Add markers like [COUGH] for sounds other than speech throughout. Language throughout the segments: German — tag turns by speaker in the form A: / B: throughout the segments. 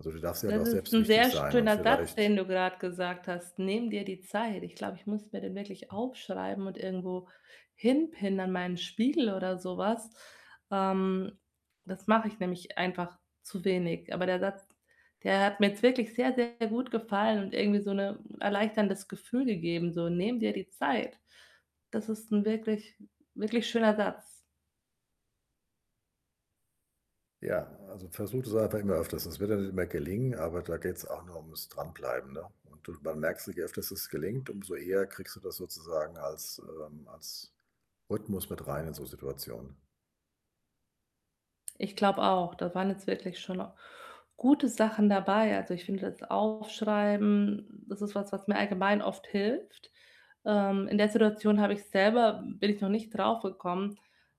A: Also, du darfst dir halt
B: Das
A: auch
B: ist
A: selbst
B: ‘n
A: wichtig
B: sehr
A: sein und
B: schöner Satz, den
A: vielleicht
B: du grad gesagt hast: „Nimm dir die Zeit.“ Ich glaube, ich muss mir den wirklich aufschreiben und irgendwo hinpinnen an meinen Spiegel oder so was. Ähm, das mache ich nämlich einfach zu wenig. Aber der Satz, der hat mir jetzt wirklich sehr, sehr gut gefallen und irgendwie so ‘ne erleichterndes Gefühl gegeben, so: „Nehme dir die Zeit.” Das ist ‘n wirklich, wirklich schöner Satz.
A: Ja, also, versuche das einfach immer öfters. Es wird ja nicht immer gelingen, aber da geht‘s auch nur ums Dranbleiben, ne? Und, du man merkt sich öfter, dass es gelingt, umso eher kriegst du das sozusagen als, ähm, als Rhythmus mit rein in so Situationen.
B: Ich glaube auch, da waren jetzt wirklich schon gute Sachen dabei. Also, ich finde das Aufschreiben, das ist was, was mir allgemein oft hilft. Ähm, in der Situation habe ich selber bin ich noch nicht drauf gekommen.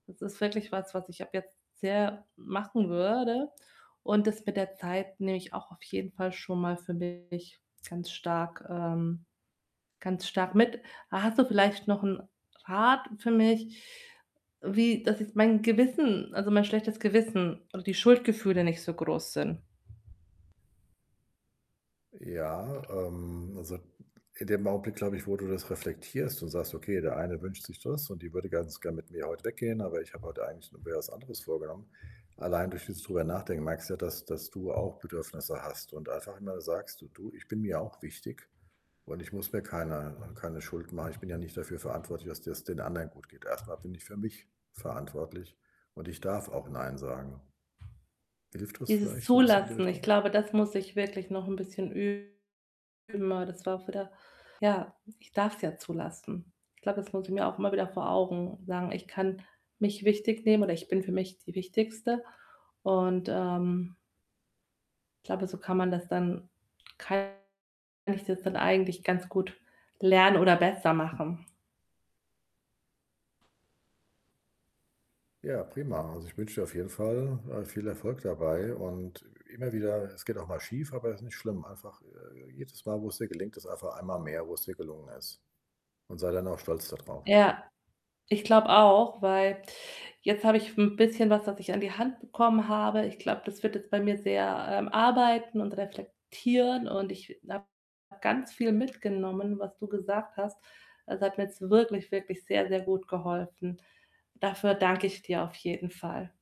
B: Das ist wirklich was, was ich ab jetzt sehr machen würde und das mit der Zeit nehme ich auch auf jeden Fall schon mal für mich ganz stark, ähm ganz stark mit. Ha hast du vielleicht noch ‘n Rat für mich, wie dass ich mein Gewissen also, mein schlechtes Gewissen und die Schuldgefühle nicht so groß sind?
A: Ja, ähm, also, in dem Augenblick, glaube ich, wo du das reflektierst und sagst: „Okay, der eine wünscht sich das und die würde ganz gern mit mir heut weggehen, aber ich habe heut eigentlich noch mir was anderes vorgenommen.“ Allein, durch dieses drüber nachdenken, merkst du ja, dass dass du auch Bedürfnisse hast und einfach immer sagst: „D du, ich bin mir auch wichtig und ich muss mir keiner keine Schuld machen. Ich bin ja nicht dafür verantwortlich, dass dir‘s den anderen gut geht. Erst mal bin ich für mich verantwortlich und ich darf auch nein sagen.“ Hilft das
B: Dieses
A: vielleicht so ‘n bisschen in die
B: Zulassen, ich
A: Richtung?
B: glaube, das muss ich wirklich noch ‘n bisschen üben [UNINTELLIGIBLE] ja, ich darf‘s ja zulassen. Glaube, das muss ich mir auch immer wieder vor Augen sagen: „Ich kann mich wichtig nehmen, oder ich bin für mich die Wichtigste.“ Und, ähm glaube, so kann man das dann kann ich das dann eigentlich ganz gut lernen oder besser machen.
A: Ja, prima. Also, ich wünsche dir auf jeden Fall, äh, viel Erfolg dabei und immer wieder es geht auch mal schief, aber ist nicht schlimm. Einfach, äh, jedes Mal, wo‘s dir gelingt, ist einfach einmal mehr, wo‘s dir gelungen ist. Und sei dann auch stolz da drauf.
B: Ja, ich glaube auch, weil jetzt habe ich ‘n bisschen was, was ich an die Hand bekommen habe. Ich glaube, das wird jetzt bei mir sehr, ähm, arbeiten und reflektieren, und ich äh, habe ganz viel mitgenommen, was du gesagt hast. Es hat mir jetzt wirklich, wirklich sehr, sehr gut geholfen. Dafür danke ich dir auf jeden Fall.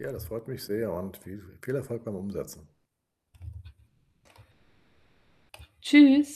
A: Ja, das freut mich sehr und vie vie viel Erfolg beim Umsetzen.
B: Tschüss.